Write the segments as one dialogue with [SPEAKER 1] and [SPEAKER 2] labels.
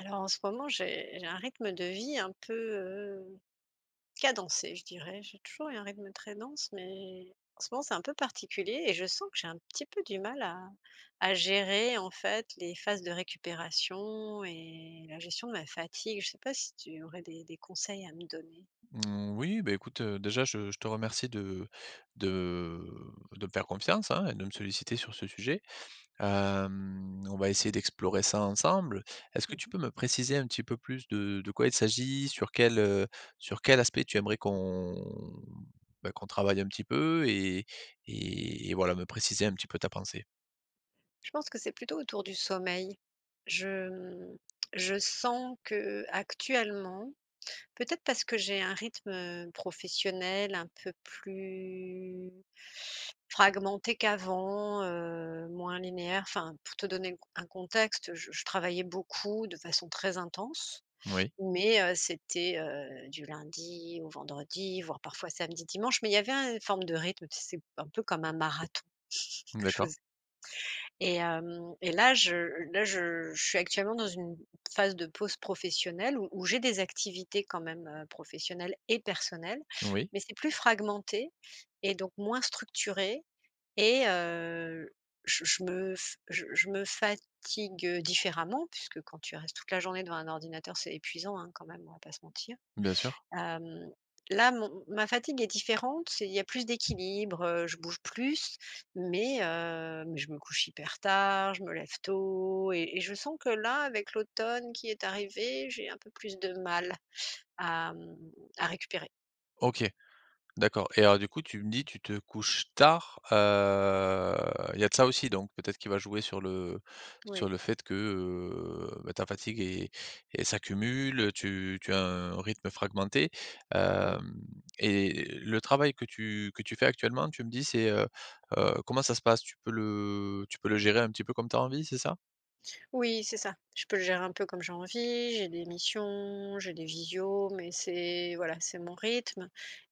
[SPEAKER 1] Alors en ce moment, j'ai j'ai un rythme de vie un peu, heu, cadencé, je dirais. J'ai toujours eu un rythme très dense, mais, en ce moment, c'est un peu particulier et je sens que j'ai un petit peu du mal à à gérer en fait, les phases de récupération et la gestion de ma fatigue. Je sais pas, si tu aurais des des conseils à me donner?
[SPEAKER 2] Mmh, oui, bah, écoute déjà je je te remercie de de de me faire confiance, hein et de me solliciter sur ce sujet. Hem, on va essayer d'explorer ça ensemble. Est-ce que
[SPEAKER 1] Mmh
[SPEAKER 2] tu
[SPEAKER 1] mh.
[SPEAKER 2] peux me préciser un petit peu plus de de quoi il s'agit, sur quel, heu, sur quel aspect, tu aimerais qu'on, bah, qu'on travaille un petit peu et et et voilà, me préciser un petit peu ta pensée?
[SPEAKER 1] Je pense que c'est plutôt autour du sommeil. Je, mmh, je sens qu'actuellement peut-être parce que j'ai un rythme professionnel un peu plus, fragmenté qu'avant, heu, moins linéaire. Enfin, pour te donner le un contexte, je je travaillais beaucoup, de façon très intense,
[SPEAKER 2] Moui.
[SPEAKER 1] mais, heu, c'était, heu, du lundi au vendredi, voire, parfois samedi, dimanche. Mais il y avait un une forme de rythme tu sais, un peu comme un marathon, que je
[SPEAKER 2] D'accord.
[SPEAKER 1] faisais et hem, et là je là je je suis actuellement dans une phase de pause professionnelle où où j'ai des activités quand même professionnelles et personnelles,
[SPEAKER 2] Oui.
[SPEAKER 1] mais c'est plus fragmenté et donc moins structuré et heu, je je me f je je me fatigue différemment puisque quand tu restes toute la journée devant un ordinateur, c'est épuisant, hein quand même, on va pas se mentir.
[SPEAKER 2] Bien sûr.
[SPEAKER 1] Hem, là mon ma fatigue est différente, c'est il y a plus d'équilibre, heu, je bouge plus, mais, heu, mais je me couche hyper tard, je me lève tôt et et je sens que là, avec l'automne qui est arrivé, j'ai un peu plus de mal à, mmh, à récupérer.
[SPEAKER 2] OK, d'accord et alors du coup, tu me dis, tu te couches tard, heu, il y a de ça aussi donc peut-être qui va jouer sur le sur
[SPEAKER 1] Oui.
[SPEAKER 2] le fait que, heu, ben, ta fatigue est elle s'accumule, heu, tu tu as un rythme fragmenté,
[SPEAKER 1] Mmh.
[SPEAKER 2] hem, et le travail que tu que tu fais actuellement tu me dis c'est, heu heu, comment ça se passe? Tu peux le tu peux le gérer un petit peu comme tu as envie, c'est ça?
[SPEAKER 1] Oui, c'est ça. Je peux gérer un peu comme j'ai envie, j'ai des missions, j'ai des visios mais c'est voilà, c'est mon rythme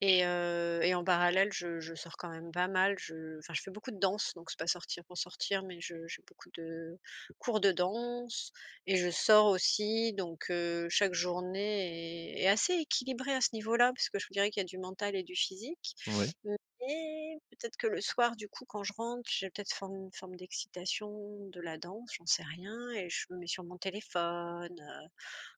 [SPEAKER 1] et heu, et en parallèle je je sors quand même pas mal, je enfin, je fais beaucoup de danse donc c'est pas sortir pour sortir mais je j'ai beaucoup de cours de danse et je sors aussi donc heu, chaque journée est est assez équilibrée à ce niveau-là parce que je vous dirais qu'il y a du mental et du physique
[SPEAKER 2] Ouais.
[SPEAKER 1] mais peut-être que le soir du coup, quand je rentre, j'ai peut-être forme une forme d'excitation de la danse, j'en sais rien et je me mets sur mon téléphone, heu,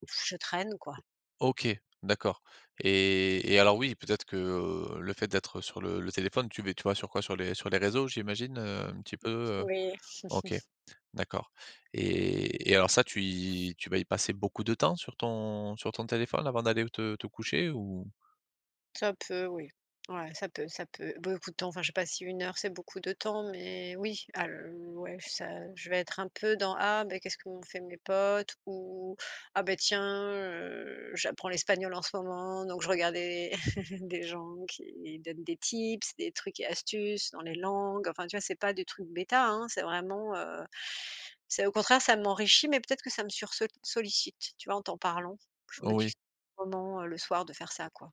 [SPEAKER 1] je traîne, quoi.
[SPEAKER 2] OK, d'accord et et alors, oui, peut-être que, heu, le fait d'être sur le le téléphone, tu vé tu vas sur quoi? Sur les sur les réseaux, j'imagine, heu, un petit peu, heu?
[SPEAKER 1] Oui.
[SPEAKER 2] OK, d'accord et et alors, ça, tu y tu vas y passer beaucoup de temps sur ton sur ton téléphone avant d'aller te te coucher ou?
[SPEAKER 1] Ça peut, oui. Ouais, ça peut ça peut, beaucoup de temps, enfin, je sais pas si 1 heure c'est beaucoup de temps mais oui, al ouais, ça, heu, je vais être un peu dans «Ah, ben, qu'est-ce qu'ont fait mes potes» ou «Ah, ben, tiens, heu, j'apprends l'espagnol en ce moment donc je regarde les des gens qui donnent des tips, des trucs et astuces dans les langues», enfin, tu vois? C'est pas des trucs bêta, hein, c'est vraiment, heu, c'est au contraire, ça m'enrichit mais peut-être que ça me sursol sollicite, tu vois? En t'en parlant, je me
[SPEAKER 2] Oh
[SPEAKER 1] dis que
[SPEAKER 2] oui.
[SPEAKER 1] c pendant, heu, le soir de faire ça, quoi.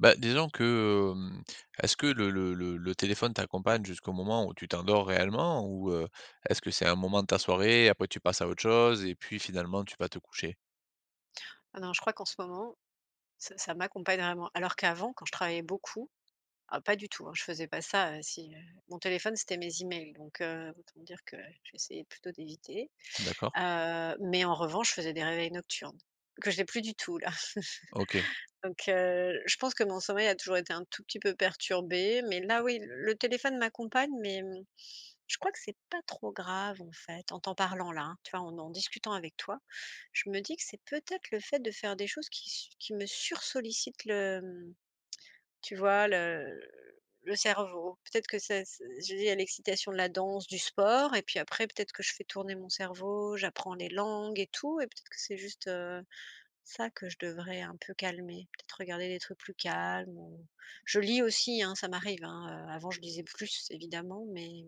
[SPEAKER 2] Ben, disons que, hem, est-ce que le le le le téléphone t'accompagne jusqu'au moment où tu t'endors réellement ou heu, est-ce que c'est un moment de ta soirée, après tu passes à autre chose et puis finalement tu vas te coucher?
[SPEAKER 1] Ah non, je crois qu'en ce moment, ça ça m'accompagne vraiment, alors qu'avant quand je travaillais beaucoup, ah pas du tout, hein, je faisais pas ça, heu, si, heu, mon téléphone, c'était mes emails, donc heu, autant dire que j'essayais plutôt d'éviter.
[SPEAKER 2] D'accord.
[SPEAKER 1] Heu, mais en revanche, je faisais des réveils nocturnes, que je n'ai plus du tout là.
[SPEAKER 2] OK.
[SPEAKER 1] Donc, heu, je pense que mon sommeil a toujours été un tout petit peu perturbé, mais là oui, le téléphone m'accompagne, mais mmh, je crois que c'est pas trop grave, en fait. En t'en parlant là, hein, tu vois, en en discutant avec toi, je me dis que c'est peut-être le fait de faire des choses qui sur me sursollicitent le, hem, tu vois, le, heu, le cerveau. Peut-être que c'est s s je lie à l'excitation de la danse, du sport et puis après peut-être que je fais tourner mon cerveau, j'apprends les langues et tout et peut-être que c'est juste, heu, ça, que je devrais un peu calmer, peut-être regarder des trucs plus calmes, ou je lis aussi, hein, ça m'arrive, hein, heu, avant je lisais, plus évidemment, mais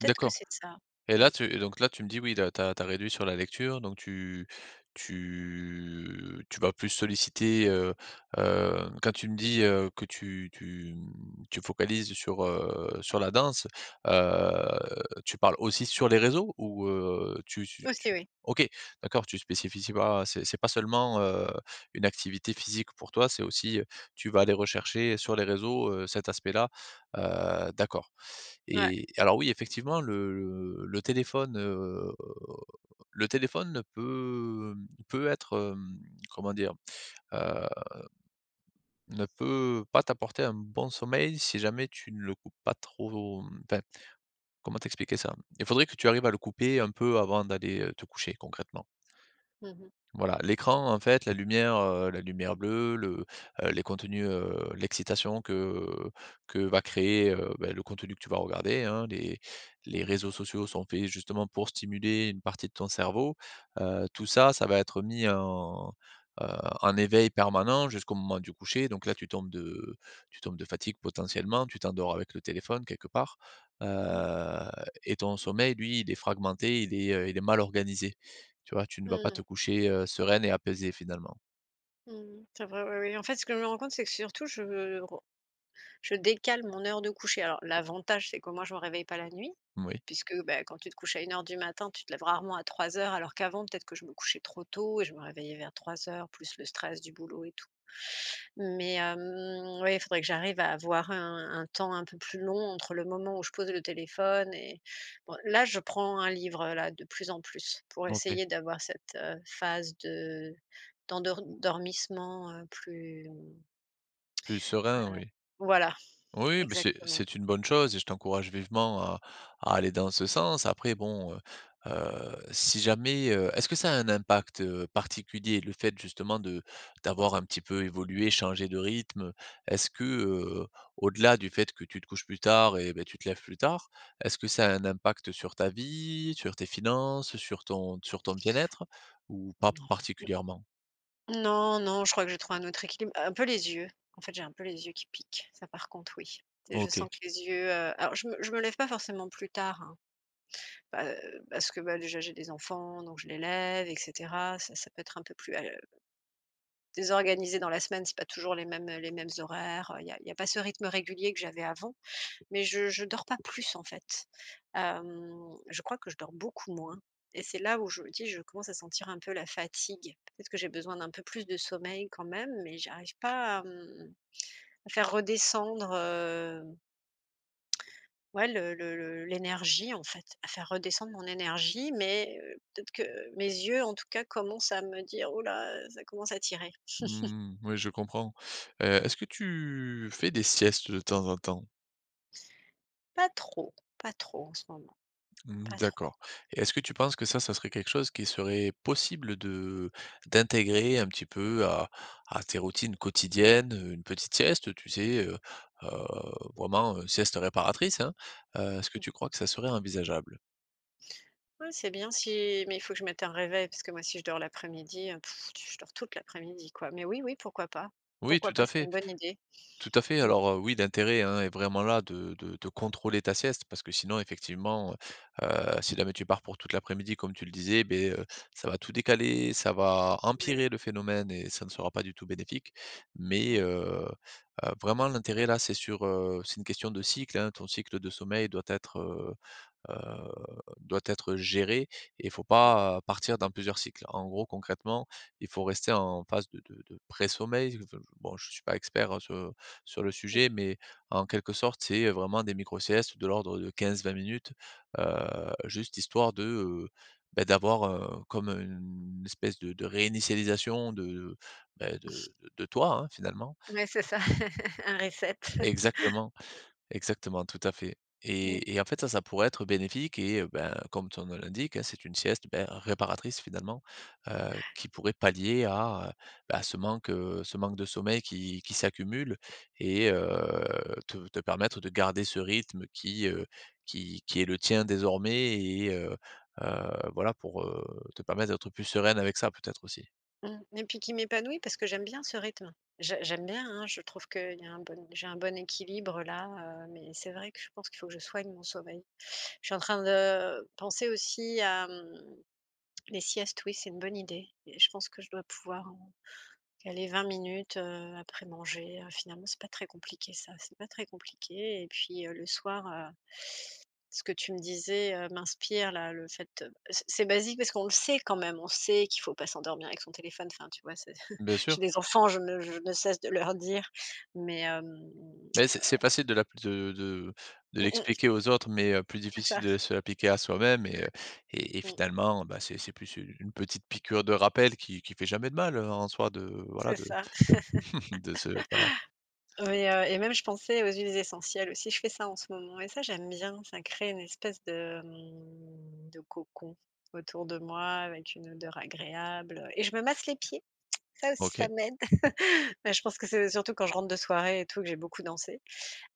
[SPEAKER 1] peut-être que
[SPEAKER 2] D'accord
[SPEAKER 1] c'est de ça,
[SPEAKER 2] et
[SPEAKER 1] mmh
[SPEAKER 2] là tu donc là tu me dis, oui là, tu as tu as réduit sur la lecture, donc tu tu tu vas plus solliciter, heu, hem quand tu me dis, heu, que tu tu, mmh, tu focalises sur, heu, sur la danse, heu, tu parles aussi sur les réseaux ou, heu, tu tu tu
[SPEAKER 1] Aussi, oui.
[SPEAKER 2] OK, d'accord, tu spécifies pas, c'est c'est pas seulement, heu, une activité physique pour toi, c'est aussi, heu, tu vas aller rechercher, heu, sur les réseaux, heu, cet aspect-là, heu, d'accord
[SPEAKER 1] Ouais.
[SPEAKER 2] et alors oui, effectivement, le le le téléphone, heu, le téléphone peut peut être, hem, comment dire, heu, ne peut pas t'apporter un bon sommeil si jamais tu ne le coupes pas trop, mmh, enfin, comment t'expliquer ça? Il faudrait que tu arrives à le couper un peu avant d'aller, heu, te coucher, concrètement.
[SPEAKER 1] Mmh mh.
[SPEAKER 2] Voilà. L'écran, en fait, la lumière, heu, la lumière bleue, le, heu, les contenus, heu, l'excitation que, heu, que va créer, heu, bah le contenu que tu vas regarder, hein. Les
[SPEAKER 1] Mmh
[SPEAKER 2] les
[SPEAKER 1] mh.
[SPEAKER 2] réseaux sociaux sont faits justement pour stimuler une partie de ton cerveau, heu, tout ça, ça va être mis en, heu, en éveil permanent jusqu'au moment du coucher, donc là, tu tombes de tu tombes de fatigue potentiellement, tu t'endors avec le téléphone, quelque part,
[SPEAKER 1] Mmh.
[SPEAKER 2] heu et ton sommeil, lui, il est fragmenté, il est, heu, il est mal organisé. Tu vois? Tu ne
[SPEAKER 1] Mmh
[SPEAKER 2] vas pas
[SPEAKER 1] mh.
[SPEAKER 2] te coucher, heu, sereine et apaisée, finalement.
[SPEAKER 1] Mmh, c'est vrai ouais oui, en fait, ce que je me rends compte, c'est que surtout je re je décale mon heure de coucher. Alors l'avantage, c'est qu'au moins, je me réveille pas la nuit,
[SPEAKER 2] Moui.
[SPEAKER 1] puisque, bah, quand tu te couches à 1:00 du matin, tu te lèves rarement à 3:00, alors qu'avant, peut-être que je me couchais trop tôt et je me réveillais vers 3:00, plus le stress du boulot et tout, mais hem, oui, il faudrait que j'arrive à avoir un un temps un peu plus long entre le moment où je pose le téléphone et bon là, je prends un livre-là, de plus en plus pour
[SPEAKER 2] OK.
[SPEAKER 1] essayer d'avoir cette, heu, phase de d'endor dormissement, heu, plus, heu,
[SPEAKER 2] Plus serein oui.
[SPEAKER 1] voilà
[SPEAKER 2] Oui, bah, c'est
[SPEAKER 1] exactement.
[SPEAKER 2] c'est une bonne chose et je t'encourage vivement à à aller dans ce sens. Après bon, heu, heu, si jamais, heu, est-ce que ça a un impact, heu, particulier le fait justement de d'avoir un petit peu évolué, changé de rythme? Est-ce que, heu, au-delà du fait que tu te couches plus tard et beh, tu te lèves plus tard? Est-ce que ça a un impact sur ta vie, sur tes finances, sur ton sur ton bien-être ou pas
[SPEAKER 1] Non,
[SPEAKER 2] particulièrement?
[SPEAKER 1] n non, non. Je crois que j'ai trouvé un autre équilibre un peu les yeux en fait, j'ai un peu les yeux qui piquent, ça par contre, oui. Et je je
[SPEAKER 2] OK.
[SPEAKER 1] sens que les yeux, heu alors je me je me lève pas forcément plus tard, hein pa parce que, bah, déjà, j'ai des enfants, donc je les lève et cetera. Ça ça peut être un peu plus, al heu désorganisé dans la semaine, c'est pas toujours les mêmes les mêmes horaires. Il y a il y a pas ce rythme régulier que j'avais avant. Mais je je dors pas plus en fait. Hem, je crois que je dors beaucoup moins et c'est là, où je me dis, je commence à sentir un peu la fatigue. Peut-être que j'ai besoin d'un peu plus de sommeil quand même, mais j'arrive pas à, mmh, à faire redescendre, heu, ouais, le le le l'énergie en fait, à faire redescendre mon énergie, mais heu, peut-être que mes yeux, en tout cas, commencent à me dire: «Ouh là, heu, ça commence à tirer».
[SPEAKER 2] Mmh, oui, je comprends, heu, est-ce que tu fais des siestes de temps en temps?
[SPEAKER 1] Pas trop, pas trop en ce moment,
[SPEAKER 2] Mmh,
[SPEAKER 1] pas trop.
[SPEAKER 2] d'accord et est-ce que tu penses que ça, ça serait quelque chose qui serait possible de d'intégrer un petit peu, à à tes routines quotidiennes, une petite sieste, tu sais, heu, heu, vraiment, sieste réparatrice, hein? Heu, est-ce que
[SPEAKER 1] Mmh.
[SPEAKER 2] tu crois que ça serait envisageable?
[SPEAKER 1] Ouais, c'est bien si mais il faut que je mette un réveil parce que moi, si je dors l'après-midi, heu, je dors toute l'après-midi, quoi, mais oui, oui pourquoi pas.
[SPEAKER 2] Oui,
[SPEAKER 1] Pourquoi
[SPEAKER 2] tout
[SPEAKER 1] pas.
[SPEAKER 2] à
[SPEAKER 1] C'est
[SPEAKER 2] fait
[SPEAKER 1] une bonne idée!
[SPEAKER 2] tout à fait.
[SPEAKER 1] Mmh.
[SPEAKER 2] Alors, oui l'intérêt hein est vraiment là, de de de contrôler ta sieste, parce que sinon, effectivement, heu, heu, si jamais tu pars pour toute l'après-midi, comme tu le disais, ben, heu, ça va tout décaler, ça va,
[SPEAKER 1] Ouais.
[SPEAKER 2] empirer le phénomène et ça ne sera pas du tout bénéfique, mais
[SPEAKER 1] Mmh.
[SPEAKER 2] heu, heu, vraiment l'intérêt là, c'est sur, heu, c'est une question de cycle, hein, ton cycle de sommeil doit être, heu, heu, doit être géré et il faut
[SPEAKER 1] Mmh mh.
[SPEAKER 2] pas, partir dans plusieurs cycles. En gros, concrètement, il faut rester en phase de de de pré-sommeil [unintelligible] bon, je suis pas expert, hein, sur sur le
[SPEAKER 1] Mmh.
[SPEAKER 2] sujet, mais en quelque sorte, c'est vraiment des micro-siestes de l'ordre de 15-20 minutes, heu, juste histoire de, heu, ben d'avoir, heu, comme une espèce de de réinitialisation de, bah, de de toi hein, finalement.
[SPEAKER 1] Mais c'est ça, un reset.
[SPEAKER 2] Exactement, exactement, tout à fait
[SPEAKER 1] Mmh.
[SPEAKER 2] et et en fait ça, ça pourrait être bénéfique et bah, comme son nom l'indique hein, c'est une sieste, bah, réparatrice finalement, heu, qui pourrait pallier à, heu, bah à ce manque ce manque de sommeil qui qui s'accumule et heu, te te permettre de garder ce rythme qui, heu, qui qui est le tien désormais et heu, heu, voilà pour, heu, te permettre d'être plus sereine avec ça peut-être aussi.
[SPEAKER 1] Mmh et puis qui m'épanouit parce que j'aime bien ce rythme. Je j'aime bien hein, je trouve qu'il y a un bon j'ai un bon équilibre-là, heu, mais c'est vrai que je pense qu'il faut que je soigne mon sommeil. Je suis en train de, penser aussi à, mmh, les siestes, oui, c'est une bonne idée et je pense que je dois pouvoir, heu, caler 20 minutes, heu, après manger, heu, finalement, c'est pas très compliqué ça, c'est pas très compliqué et puis, heu, le soir, heu, ce que tu me disais, heu, m'inspire là, le fait c'est c'est basique parce qu'on le sait quand même. On sait qu'il faut pas s'endormir avec son téléphone. Enfin, tu vois, c'est
[SPEAKER 2] Bien sûr.
[SPEAKER 1] j'ai des enfants, je ne je ne cesse de leur dire, mais hem, heu
[SPEAKER 2] Mais c'est c'est facile de l'appli de de de
[SPEAKER 1] Mmh mh.
[SPEAKER 2] l'expliquer aux autres, mais heu, plus
[SPEAKER 1] C'est
[SPEAKER 2] difficile
[SPEAKER 1] ça.
[SPEAKER 2] de se l'appliquer à soi-même et heu, et et
[SPEAKER 1] Mmh.
[SPEAKER 2] finalement bah, c'est c'est plus une une petite piqûre de rappel qui qui fait jamais de mal, heu, en soi de voilà,
[SPEAKER 1] C'est
[SPEAKER 2] de
[SPEAKER 1] ça.
[SPEAKER 2] de se voilà.
[SPEAKER 1] Oui, heu, et même je pensais aux huiles essentielles aussi, je fais ça en ce moment et ça, j'aime bien, ça crée une espèce de, mmh, de cocon, autour de moi avec une odeur agréable et je me masse les pieds, ça aussi
[SPEAKER 2] OK.
[SPEAKER 1] ça m'aide. Bah, je pense que c'est surtout quand je rentre de soirée et tout, que j'ai beaucoup dansé,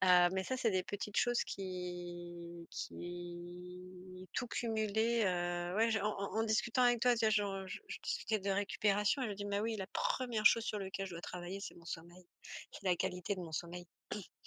[SPEAKER 1] heu, mais ça, c'est des petites choses qui qui tout cumulé, heu, ouais en en en discutant avec toi déjà, je re je je discutais de récupération et je me dis: «Mais oui, la 1re chose sur lequel je dois travailler, c'est mon sommeil, c'est la qualité de mon sommeil»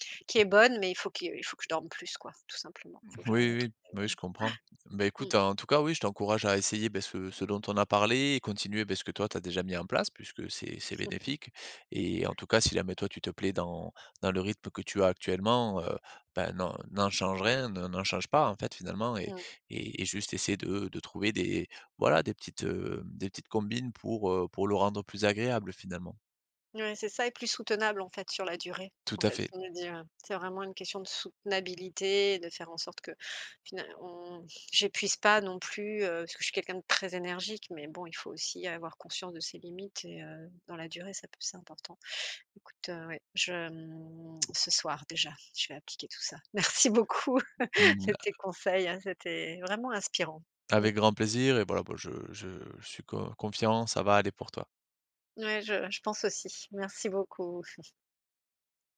[SPEAKER 1] qui est bonne, mais il faut que, il faut que je dorme plus quoi tout simplement, faut que j'arrive
[SPEAKER 2] Oui,
[SPEAKER 1] à
[SPEAKER 2] oui,
[SPEAKER 1] trouver,
[SPEAKER 2] bah oui,
[SPEAKER 1] ouais,
[SPEAKER 2] je comprends. Ben
[SPEAKER 1] ouais,
[SPEAKER 2] écoute,
[SPEAKER 1] mmh.
[SPEAKER 2] hein, en tout cas oui, je t'encourage à essayer, bah, ce ce dont on a parlé et continuer bah ce que toi tu as déjà mis en place, puisque c'est c'est bénéfique et en tout cas si jamais toi tu te plais dans dans le rythme que tu as actuellement, heu, bah, n'en n'en change rien, ne n'en change pas en fait, finalement et
[SPEAKER 1] Mmh.
[SPEAKER 2] et et juste essaye de de trouver des voilà des petites, heu, des petites combines pour, heu, pour le rendre plus agréable, finalement.
[SPEAKER 1] Ouais, c'est ça et plus soutenable en fait, sur la durée.
[SPEAKER 2] Tout
[SPEAKER 1] En
[SPEAKER 2] à
[SPEAKER 1] fait
[SPEAKER 2] fait.
[SPEAKER 1] ça me dit, oui. C'est vraiment une question de soutenabilité, de faire en sorte que fina on j'épuise pas non plus, heu, parce que je suis quelqu'un de très énergique, mais bon, il faut aussi avoir conscience de ses limites et heu, dans la durée, ça peut c'est important. Écoute, heu, oui, je, mmh, ce soir déjà, je vais appliquer tout ça. Merci beaucoup,
[SPEAKER 2] Mmh
[SPEAKER 1] de
[SPEAKER 2] a
[SPEAKER 1] tes conseils, hein, c'était vraiment inspirant. Mmh.
[SPEAKER 2] Avec grand plaisir et voila quoi, je je je suis co confiant, ça va aller pour toi.
[SPEAKER 1] Ouais, je je pense aussi, merci beaucoup.